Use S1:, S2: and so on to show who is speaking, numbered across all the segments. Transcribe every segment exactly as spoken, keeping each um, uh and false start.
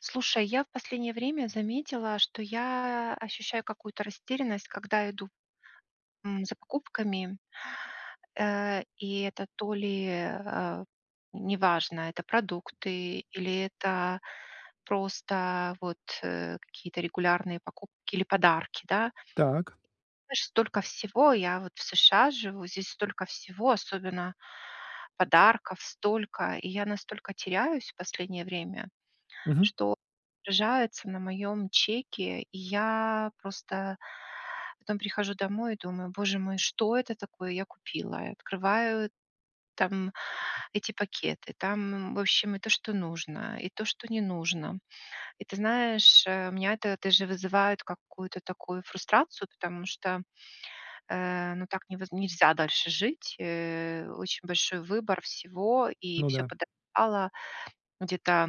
S1: Слушай, я в последнее время заметила, что я ощущаю какую-то растерянность, когда иду, м, за покупками, э, и, это то ли, э, а, неважно, это продукты, или это просто вот, э, какие-то регулярные покупки или подарки, да.
S2: Так.
S1: Знаешь, столько всего я вот в США живу, здесь столько всего, особенно подарков столько, и я настолько теряюсь в последнее время,
S2: Мгм.
S1: что отражается на моем чеке, и я просто потом прихожу домой и думаю, боже мой, что это такое я купила, и открываю там эти пакеты, там, м, в общем и то, что нужно, и то, что не нужно, И ты знаешь, э, меня это даже вызывает какую-то такую фрустрацию, потому что, э, ну так невоз нельзя дальше жить, э, очень большой выбор всего и
S2: Ну
S1: всё
S2: да.
S1: подорожало где-то,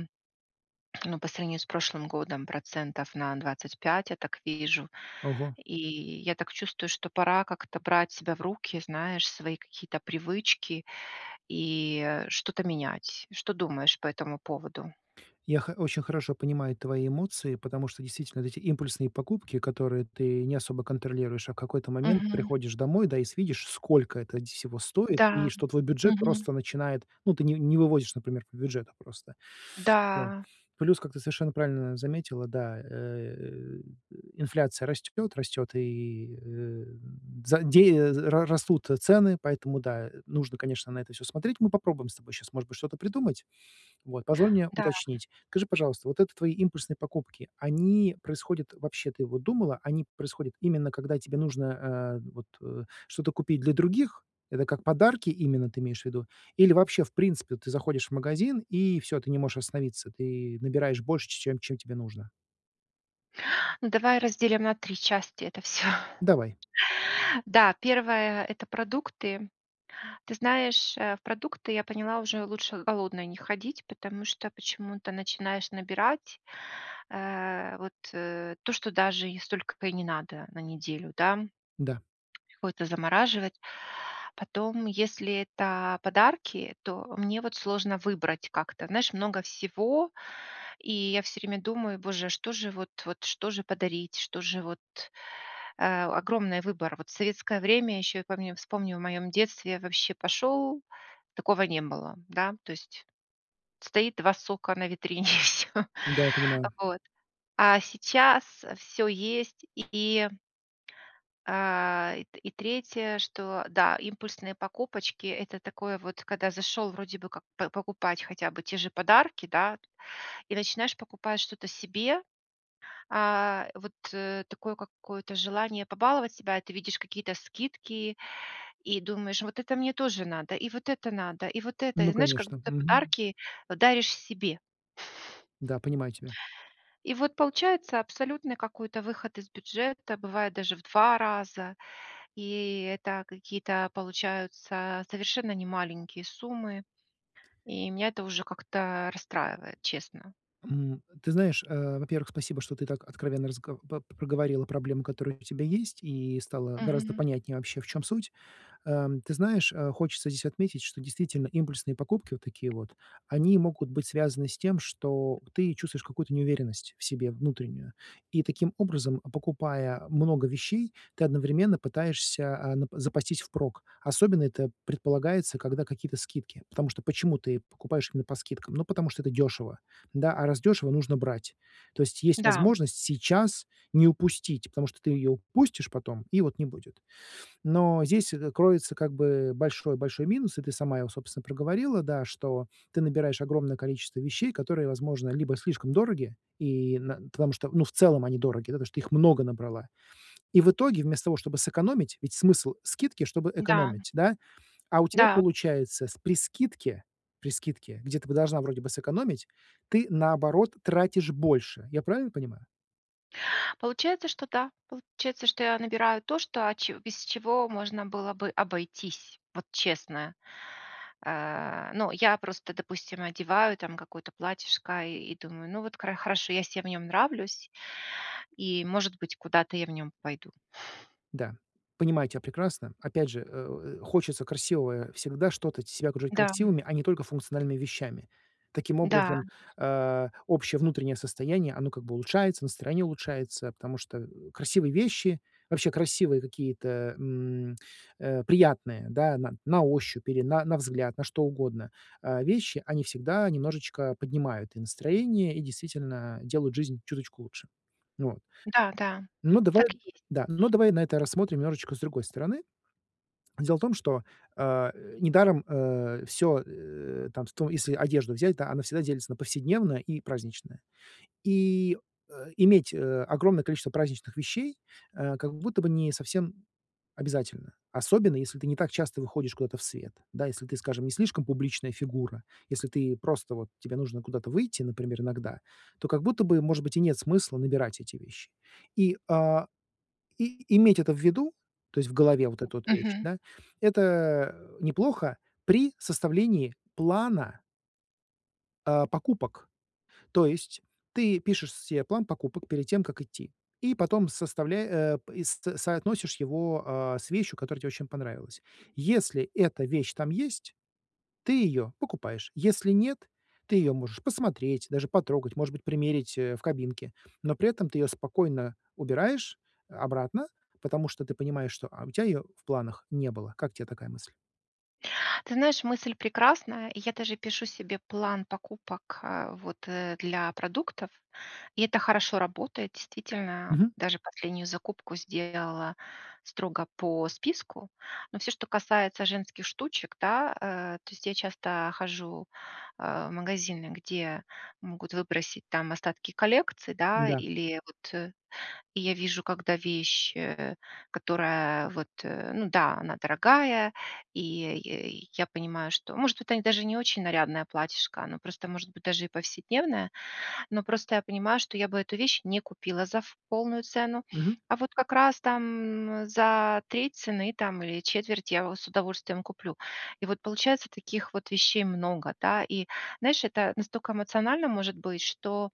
S1: ну, по сравнению с прошлым годом процентов на двадцать пять, я так вижу,
S2: Ого.
S1: и я так чувствую, что пора как-то брать себя в руки, знаешь, свои какие-то привычки и, э, что-то менять. Что думаешь по этому поводу?
S2: Я хо очень хорошо понимаю твои эмоции, потому что действительно вот эти импульсные покупки, которые ты не особо контролируешь, а в какой-то момент
S1: Мгм.
S2: приходишь домой, да, и с видишь, сколько это нь всего стоит, и
S1: Да.
S2: что твой бюджет
S1: Мгм.
S2: просто начинает, ну, ты ни не выводишь, например, по бюджету просто там.
S1: Да.
S2: Плюс, как ты совершенно правильно заметила, да, э, э, инфляция растёт, растёт, и, э, м за дея з ра растут, э, цены, поэтому да, и нужно, конечно, на это всё смотреть. Мы попробуем с тобой щас, может быть, что-то придумать. Вот, позволь мне
S1: Да.
S2: уточнить. Скажи, пожалуйста, вот это твои импульсные покупки, они происходят вообще, ты вот думала, они происходят именно когда тебе нужно, а, вот, э, что-то купить для других? Это как подарки именно ты имеешь в виду? Или вообще, в принципе, ты заходишь в магазин и всё, ты не можешь остановиться, ты набираешь больше, ч чем чем тебе нужно?
S1: Ну, давай разделим на три части это всё.
S2: Давай.
S1: Да, первое это продукты. Ты знаешь, а в продукты, я поняла, уже лучше голодной не ходить, потому что почему-то начинаешь набирать, а вот э то, что даже не столько-то и не надо на неделю да
S2: Да.
S1: Какое-то замораживать. Потом, если это подарки, то мне вот сложно выбрать как-то. Знаешь, много всего, и я всё время думаю: боже, а что же вот, вот что же подарить, что же вот, э, огромный выбор. Вот в советское время ещё, я помню вспомню в моём детстве, вообще пошёл, такого не было, да, то есть стоит два сока на витрине, и всё.
S2: Да, я
S1: А
S2: понимаю.
S1: вот, а сейчас всё есть. И, и А и т третье, что, да, импульсные покупочки это такое вот, когда зашел вроде бы как п покупать хотя бы те же подарки, да, и начинаешь покупать что-то себе. А вот такое какое-то желание побаловать себя, и ты видишь какие-то скидки, и думаешь, вот это мне тоже надо, и вот это надо, и вот это. И
S2: Ну
S1: знаешь, как
S2: конечно.
S1: будто
S2: Мгм.
S1: подарки вот даришь себе.
S2: Да, понимаю тебя.
S1: И вот получается абсолютный какой-то выход из бюджета, бывает даже в два раза, и это какие-то получаются совершенно не маленькие суммы, и меня это уже как-то расстраивает, честно.
S2: М, э, ты знаешь, а, во-первых, спасибо, что ты так откровенно разго по проговорила проблемы, которые у тебя есть, и стало гораздо
S1: Мгм.
S2: понятнее вообще, в чём суть. Ам ты знаешь, а, хочется здесь отметить, что действительно импульсные покупки, вот такие вот, они могут быть связаны с тем, что в, ты чувствуешь какую-то неуверенность в себе внутреннюю. И таким образом, покупая много вещей, ты одновременно пытаешься а на, п запастись впрок. Особенно это предполагается, когда какие-то скидки. Потому что почему ты покупаешь именно по скидкам? Ну потому что это дешево, да, а раз дешево, нужно брать. То есть есть
S1: Да.
S2: возможность сейчас не упустить, потому что ты ее упустишь потом, и вот не будет. Но здесь это кроется как бы большой большой минус, и ты сама его, собственно, проговорила, да, что ты набираешь огромное количество вещей, которые, возможно, либо слишком дороги, и на потому что, ну, в целом они дороги, да, потому что ты их много набрала, и в итоге, вместо того, чтобы сэкономить, ведь смысл скидки, чтобы
S1: Да.
S2: экономить, да, а у тебя
S1: Да.
S2: получается с при скидке, при скидке, где ты бы должна вроде бы сэкономить, ты, наоборот, тратишь больше. Я правильно понимаю?
S1: Получается, что да, получается, что я набираю то, что, а че без чего можно было бы обойтись, вот честно. А, ну я просто, допустим, одеваю там какое-то платьишко и и думаю, ну, вот кара хорошо, я се в нем нравлюсь, и, может быть, куда-то я в нем пойду.
S2: Да, понимаю тя прекрасно. Опять же, э, у, э, хочется красивого всегда что-то себя окружать
S1: Дам.
S2: красивыми, а не только функциональными вещами. Таким
S1: Да.
S2: образом, а общее внутреннее состояние оно как бы улучшается, настроение улучшается, потому что, э, красивые вещи, вообще красивые какие-то, м, э, приятные, да, на на ощупь или на на взгляд, на что угодно а вещи, они всегда немножечко поднимают и настроение и действительно делают жизнь чуточку лучше вот.
S1: Да, да,
S2: Ну давай
S1: так и есть.
S2: да, но давай на это рассмотрим немножечко с другой стороны. Дело в том, что, а, э, недаром, э, всё, э, там то если одежду взять, да, она всегда делится на повседневное и праздничное, и, а, иметь, э, огромное количество праздничных вещей, э, как будто бы не совсем обязательно, особенно если ты не так часто выходишь куда-то в свет. Да, если ты, скажем, не слишком публичная фигура, если ты просто вот тебе нужно куда-то выйти, например, иногда, то как будто бы, может быть, и нет смысла набирать эти вещи и, а, и. И иметь это в виду, то есть в голове вот эту вещь,
S1: Мгм.
S2: да, это, а, неплохо при составлении плана. А, покупок. То есть ты пишешь се план покупок перед тем, как идти, и потом составля э, пэ и с соотносишь его, а, с вещью, которая тебе очень понравилась. Если эта вещь там есть, ты её покупаешь, если нет, ты её можешь посмотреть, даже потрогать, может быть, примерить, э, в кабинке, но при этом ты её спокойно убираешь, э, обратно, потому что ты понимаешь, что, а, у тя её в планах не было. Как те такая мысль?
S1: Ты знаешь, мысль прекрасная, и я даже пишу себе план покупок, а вот, э, для продуктов, и это хорошо работает, действительно.
S2: Мгм.
S1: Даже последнюю закупку сделала строго по списку, но всё, что касается женских штучек, да, э, то есть я часто хожу, а, в магазины, где могут выбросить там остатки коллекций, да,
S2: Да.
S1: или вот, я вижу, когда вещь, э, которая вот, ну да, она дорогая, и и я понимаю, что, может, это даже не очень нарядное платьишко, оно просто может быть даже и повседневное. Но просто я понимаю, что я бы эту вещь не купила за ф полную цену,
S2: Мгм.
S1: а вот как раз там за треть цены там или четверть я в с удовольствием куплю. И вот получается, таких вот вещей много, да. И знаешь, это настолько эмоционально может быть, что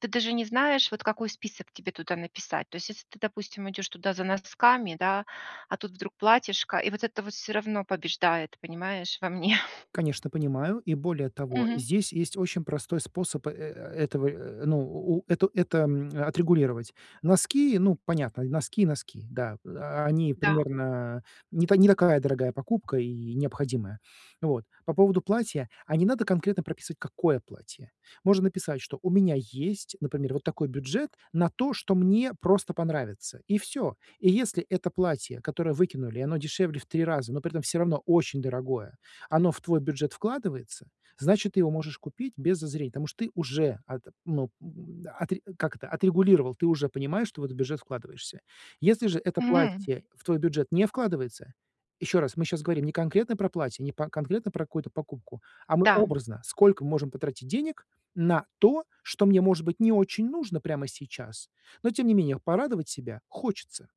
S1: ты даже не знаешь, вот какой список тебе туда написать. То есть, если ты, допустим, идёшь туда за носками, да, а тут вдруг платьишко, и вот это вот всё равно побеждает, понимаешь, во мне.
S2: Конечно, понимаю, и более того,
S1: Мгм.
S2: здесь есть очень простой способ, э, э, этого, э, ну, у это это, м, отрегулировать. Носки, ну, понятно, носки и носки, да, о они
S1: Да.
S2: примерно не та не такая дорогая покупка и необходимая. Вот, по поводу платья, а не надо конкретно прописывать, какое платье. Можно написать, что у меня есть, например, вот такой бюджет на то, что мне просто понравится, и всё. И если это платье, которое выкинули, и оно дешевле в три раза, но при этом всё равно очень дорогое, оно в твой бюджет вкладывается, значит, ты его можешь купить без зазрения. Потому что ты уже ат ну, м, м, отре как это, отрегулировал, ты уже понимаешь, что в этот бюджет вкладываешься. Если же это
S1: Мгм.
S2: платье в твой бюджет не вкладывается ещё раз, мы щас говорим не конкретно про платье, не по конкретно про какую-то покупку, а мы
S1: Да.
S2: образно, сколько можем потратить денег на то, что мне, может быть, не очень нужно прямо сейчас, но тем не менее порадовать себя хочется.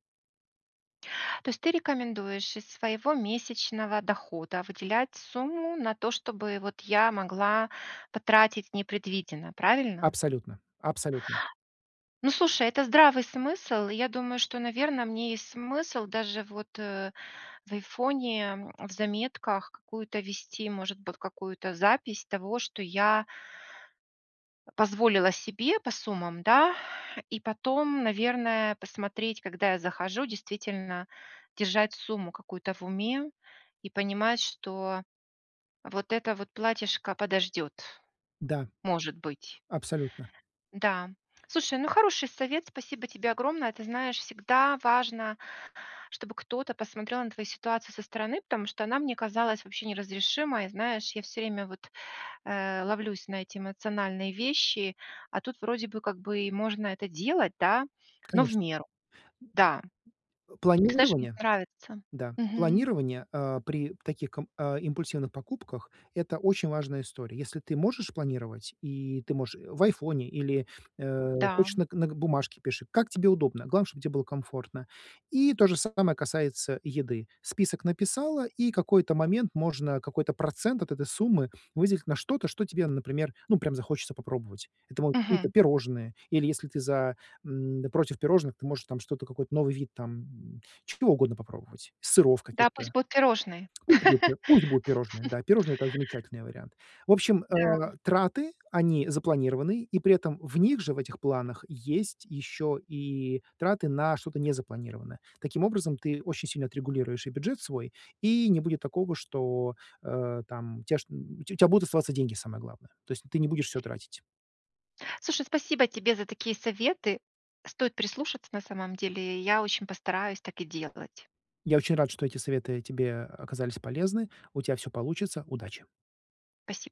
S1: То есть ты рекомендуешь из своего месячного дохода выделять сумму на то, чтобы вот я могла потратить непредвиденно, правильно?
S2: Абсолютно абсолютно.
S1: Ну, слушай, это здравый смысл. И я думаю, что, наверно, мне есть смысл даже вот, э, в "Айфоне", м, в заметках какую-то вести, может быть, какую-то запись того, что я позволила себе по суммам, да? И потом, наверное, посмотреть, когда я захожу, действительно держать сумму какую-то в уме и понимать, что вот это вот платьишко подождёт,
S2: Да.
S1: может быть.
S2: Абсолютно.
S1: Да. Слушай, ну, хороший совет, спасибо тебе огромное. Ты знаешь, всегда важно, чтобы кто-то посмотрел на твою ситуацию со стороны, потому что она мне казалась вообще неразрешимой. Знаешь, я всё время вот, э, ловлюсь на эти эмоциональные вещи, а тут вроде бы, как бы, и можно это делать, да, но в
S2: Конечно.
S1: меру. Да.
S2: Э,
S1: Ты знаешь, мне
S2: планирование.
S1: нравится.
S2: Да,
S1: Мгм.
S2: планирование, э, при таких кам а, импульсивных покупках- это очень важная история. Если ты можешь планировать и ты можешь и в "Айфоне" или, э,
S1: Да.
S2: хочешь, нак нак бумажке пиши, как тебе удобно, главное, чтоб те было комфортно. И то же самое касается еды. Список написала, и какой-то момент можно какой-то процент от этой суммы выделить на что-то, что тебе, например, ну, прям захочется попробовать. Это могут какие-то
S1: Мгм.
S2: пирожные, или если ты за м, против пирожных, ты можешь там что-то, какой-то новый вид там чего угодно попробовать, сыров
S1: Да, пусть
S2: каких-то.
S1: будут пирожные.
S2: Пусть будут пусть будут пирожные. Да, пирожные- это замечательный вариант. В общем,
S1: Да, м.
S2: э, траты- они запланированные, и при этом в них же, в этих планах, есть ещё и траты на что-то незапланированное. Таким образом ты очень сильно отрегулируешь и бюджет свой, и не будет такого, что, э, там, у тебя чт у тя будут оставаться деньги, самое главное. То есть ты не будешь всё тратить.
S1: Слушай, спасибо тебе за такие советы. Стоит прислушаться на самом деле. Я очень постараюсь так и делать.
S2: Я очень рад, что эти советы тебе оказались полезны. У тя всё получится. Удачи!
S1: Спаси